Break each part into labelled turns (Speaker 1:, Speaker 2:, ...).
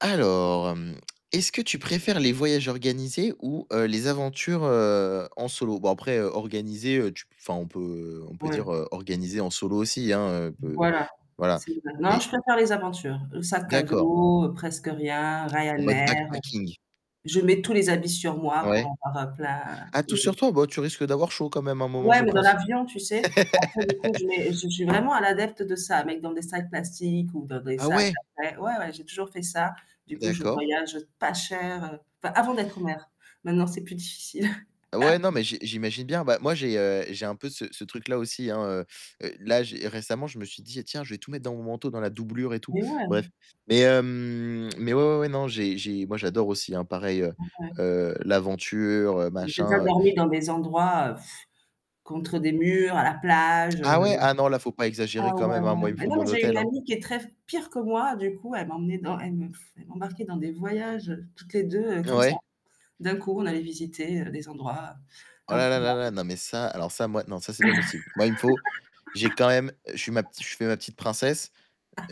Speaker 1: Alors, hem, est-ce que tu préfères les voyages organisés ou heu, les aventures, heu, en solo? Bon après, organisés, heu, tu p enfin, on peut on peut dire
Speaker 2: Ouais.
Speaker 1: organisés en solo aussi, hein, peut
Speaker 2: Voilà.
Speaker 1: voilà.
Speaker 2: C'est non
Speaker 1: Mais
Speaker 2: je préfère les aventures, sac à
Speaker 1: D'accord.
Speaker 2: dos, presque rien,
Speaker 1: En mode
Speaker 2: Ryanair. Heu,
Speaker 1: backpacking?
Speaker 2: je mets tous les habits sur moi pour
Speaker 1: Ouais.
Speaker 2: en prendre plein
Speaker 1: Ah tout sur
Speaker 2: et
Speaker 1: toi? Bah, tu risques d'avoir chaud quand même à un moment
Speaker 2: Ouais,
Speaker 1: je
Speaker 2: mais dans
Speaker 1: pense.
Speaker 2: l'avion, tu sais, après du coup, je mets, je je suis vraiment un adepte de ça, mettre dans des sacs plastiques ou dans des
Speaker 1: Ah
Speaker 2: sacs,
Speaker 1: ouais?
Speaker 2: après ouais, ouais j'ai toujours fait ça. Du coup, je
Speaker 1: D'accord.
Speaker 2: voyage pas cher, heu, enfin avant d'être mère, maintenant c'est plus difficile
Speaker 1: Ouais, non, mais j'i j'imagine bien. Bah, moi, j'ai, heu, j'ai un peu ce ce truc-là aussi, hein. Heu, heu, là j'ai récemment, je me suis dis: «Tiens, je vais tout mettre dans mon manteau, dans la doublure et tout.»
Speaker 2: Mais ouais.
Speaker 1: Bref. Mais hem mais ouais, ouais, ouais, non, j'ai j'ai moi j'adore aussi hein, pareil, heu,
Speaker 2: Donc, ouais.
Speaker 1: heu, l'aventure, heu,
Speaker 2: Donc, j'ai déjà
Speaker 1: machin.
Speaker 2: dormi dans des endroits, heu contre des murs, à la plage, heu.
Speaker 1: Ah ouais? Ah non, là faut pas
Speaker 2: Ah
Speaker 1: exagérer quand
Speaker 2: ouais,
Speaker 1: même, hein,
Speaker 2: ouais,
Speaker 1: moi il me
Speaker 2: mais
Speaker 1: faut
Speaker 2: non
Speaker 1: mon
Speaker 2: mais j'ai une
Speaker 1: hôtel, hein.
Speaker 2: amie qui est très pire que moi, du coup elle m'emmenait dans elle m'e elle m'embarquait dans des voyages, heu, toutes les 2, heu, comme ça.
Speaker 1: Ouais.
Speaker 2: D'un coup on allait visiter, heu, des endroits
Speaker 1: Oh là là là là.
Speaker 2: improbables.
Speaker 1: Non, mais ça alors ça moi non ça, c'est pas possible. Moi il me faut j'ai quand même je suis ma petite je fais ma petite princesse,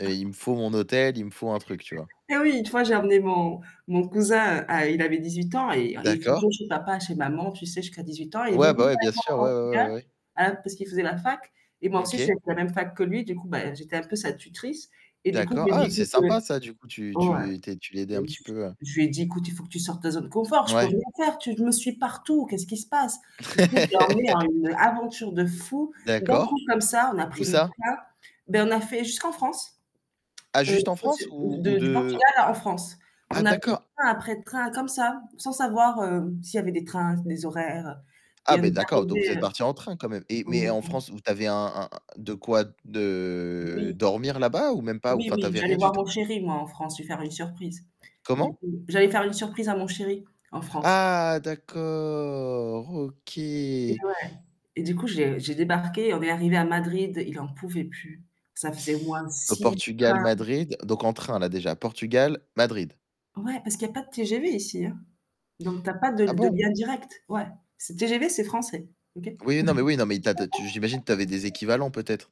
Speaker 1: heu, il me faut mon hôtel, il me faut un truc, tu vois?
Speaker 2: Ah oui, une fois j'ai emmené mon mon cousin, à il avait 18 ans et et
Speaker 1: D'accord.
Speaker 2: toujours chez papa, chez maman, tu sais, jusqu'à 18 ans, et il
Speaker 1: Ouais,
Speaker 2: venait
Speaker 1: bah
Speaker 2: vivre
Speaker 1: ouais,
Speaker 2: avec
Speaker 1: bien sûr,
Speaker 2: moi au
Speaker 1: ouais, ouais, ouais,
Speaker 2: Portugal,
Speaker 1: ouais, ouais.
Speaker 2: heu, parce qu'il faisait la fac et moi aussi, j'étais
Speaker 1: OK.
Speaker 2: à la même fac que lui, du coup, beh, j'étais un peu sa tutrice et du coup, je
Speaker 1: D'accord.
Speaker 2: lui ai dit:
Speaker 1: Ah! C'est
Speaker 2: «Écoute» oui,
Speaker 1: sympa ça du coup tu
Speaker 2: ouais
Speaker 1: tu tu es tu l'aidais un
Speaker 2: je
Speaker 1: petit peu à
Speaker 2: je lui ai dit: «Écoute, il faut que tu sortes de ta zone confort, je peux
Speaker 1: Ouais.
Speaker 2: rien faire, tu me suis partout, qu'est-ce qu'il se passe?». Du coup, je l'ai emmené à une aventure de fou, d'un coup,
Speaker 1: D'accord.
Speaker 2: comme ça, on a
Speaker 1: Où
Speaker 2: pris notre
Speaker 1: ça?
Speaker 2: sac ben, on a fait jusqu'en France,
Speaker 1: Ah
Speaker 2: heu,
Speaker 1: juste en
Speaker 2: jusqu'au
Speaker 1: France
Speaker 2: sud
Speaker 1: ou ou
Speaker 2: de du
Speaker 1: de?
Speaker 2: Portugal à la France.
Speaker 1: Ah
Speaker 2: On a pris
Speaker 1: d'accord
Speaker 2: train après train comme ça, sans savoir, hem, s'il y avait des trains, des horaires, heu,
Speaker 1: ah,
Speaker 2: et on
Speaker 1: beh,
Speaker 2: est
Speaker 1: d'accord, donc vous êtes
Speaker 2: arrivés
Speaker 1: partis en train quand même. Et mais en
Speaker 2: [unintelligible]
Speaker 1: France, vous tu avais un un de quoi de
Speaker 2: Oui.
Speaker 1: dormir là-bas ou même pas, ou
Speaker 2: Oui,
Speaker 1: enfin tu
Speaker 2: oui,
Speaker 1: avais
Speaker 2: j'allais
Speaker 1: rien du
Speaker 2: voir mon
Speaker 1: tout?
Speaker 2: chéri moi en France, lui faire une surprise. Du
Speaker 1: Comment?
Speaker 2: coup j'allais faire une surprise à mon chéri en France.
Speaker 1: Ah d'accord, OK.
Speaker 2: Eh ouais, et du coup j'ai j'ai débarqué on est arrivés à Madrid, il en pouvait plus, ça faisait au moins de
Speaker 1: Au
Speaker 2: 6
Speaker 1: Portugal,
Speaker 2: [unintelligible]
Speaker 1: Madrid, donc en train là déjà, Portugal, Madrid.
Speaker 2: Ouais parce qu'il y a pas de TGV ici, hein. Donc tu as pas de
Speaker 1: Ah
Speaker 2: l de
Speaker 1: bon?
Speaker 2: lien direct, ouais. C'est TGV c'est français, OK?
Speaker 1: Oui non mais oui non mais tu as tu as tu j'imagine que tu avais des équivalents peut-être?